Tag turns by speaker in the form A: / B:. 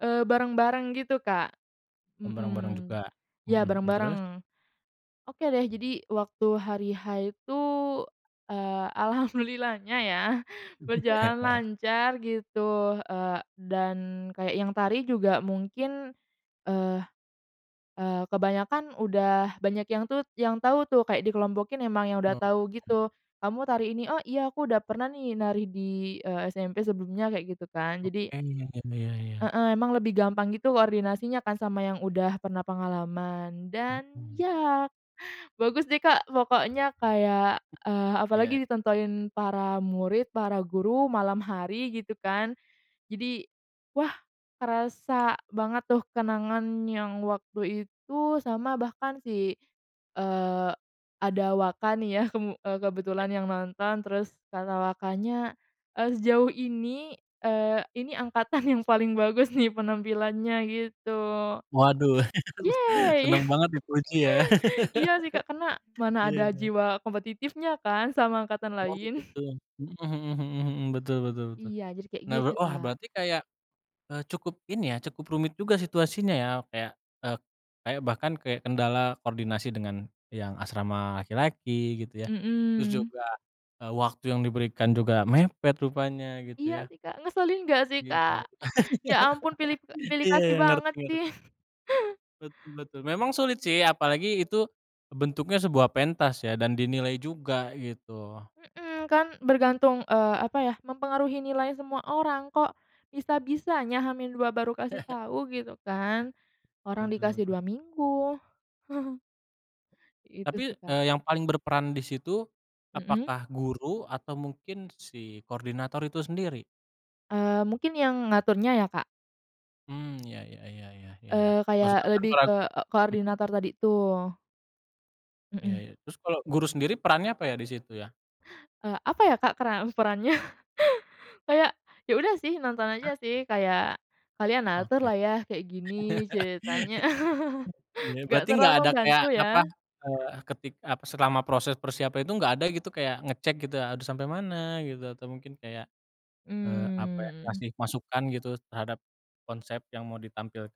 A: Eee, bareng-bareng gitu, Kak?
B: M bareng-bareng
A: Mhm.
B: juga. Mhm
A: Ya
B: mhm terus?
A: bareng-bareng. Oke deh. Jadi waktu hari H itu, eee, alhamdulillahnya ya berjalan lancar gitu, eee, dan kayak yang tari juga mungkin, eee eee, kebanyakan udah banyak yang tut yang tahu tuh kayak dikelompokin emang yang udah
B: Oke.
A: tahu gitu, “Kamu tari ini.” “Oh, iya aku udah pernah nih nari di, eee, SMP sebelumnya,” kayak gitu kan jadi
B: Oke ni ya ya ya.
A: Heeh, emang lebih gampang gitu koordinasinya kan sama yang udah pernah pengalaman dan
B: Mhm.
A: ya bagus deh, Kak, pokoknya kayak eee,
B: Iya.
A: apalagi ditontonin para murid, para guru malam hari gitu kan. Jadi wah kerasa banget tuh kenangan yang waktu itu, sama bahkan si eee, ada Waka nih ya, mmm,
B: Ya.
A: kebetulan yang nonton. Terus kata Wakanya, eee, "Sejauh ini, eee, ini angkatan yang paling bagus nih penampilannya," gitu.
B: Waduh,
A: Yey!
B: seneng banget dipuji ya.
A: Iya sih, Kak, karena mana
B: Iya
A: ada
B: iya.
A: jiwa kompetitifnya kan sama angkatan
B: Oh
A: lain.
B: begitu, mhm mhm mhm mhm, betul betul betul.
A: Iya, jadi kayak
B: Nah, we
A: gitu,
B: ah,
A: Kak.
B: berarti kayak, eee, cukup ini ya, cukup rumit juga situasinya ya? Kayak, eee, kayak bahkan kayak kendala koordinasi dengan yang asrama laki-laki gitu ya terus
A: Mhm.
B: juga, ah, waktu yang diberikan juga mepet rupanya gitu
A: Iya
B: ya.
A: sih, Kak, ngeselin nggak
B: Iya i
A: sih, Kak? Ya ampun pilip e pilih
B: iya
A: kasih
B: iya, ngerti
A: banget
B: nger
A: sih.
B: Betul betul. Memang sulit sih, apalagi itu bentuknya sebuah pentas ya dan dinilai juga gitu.
A: Mhm, kan bergantung eee, apa ya, mempengaruhi nilai semua orang. Kok bisa-bisanya H-2 baru kasih tahu gitu kan, orang
B: Betul
A: dikasih
B: se
A: 2 minggu. Itu
B: Tapi,
A: sih, Kak.
B: eee, yang paling berperan disitu,
A: Mhm.
B: apakah guru atau mungkin si koordinator itu sendiri?
A: Eee, mungkin yang ngaturnya ya, Kak?
B: Mmm, ya ya ya ya ya ya.
A: Eee, kayak
B: Masuk akal.
A: lebih ke
B: [unintelligible]
A: e
B: Mhm.
A: koordinator tadi tuh.
B: Iya
A: Mhm.
B: iya. Terus kalau guru sendiri perannya apa ya disitu ya?
A: Eee, apa ya, Kak, peran perannya? Kayak, ya udah sih nonton aja sih, kayak kalian
B: Oke.
A: aturlah ya kayak gini ceritanya,
B: Iya,
A: nggak
B: berarti nggak
A: terlalu
B: ada
A: membantu
B: kayak apa
A: ya?
B: eee, ketik ah, selama proses persiapan itu nggak ada gitu kayak ngecek gitu? Harus sampai mana, gitu atau mungkin kayak, eee, apa ya,
A: Mmm.
B: kasih masukan gitu terhadap konsep yang mau ditampilkan?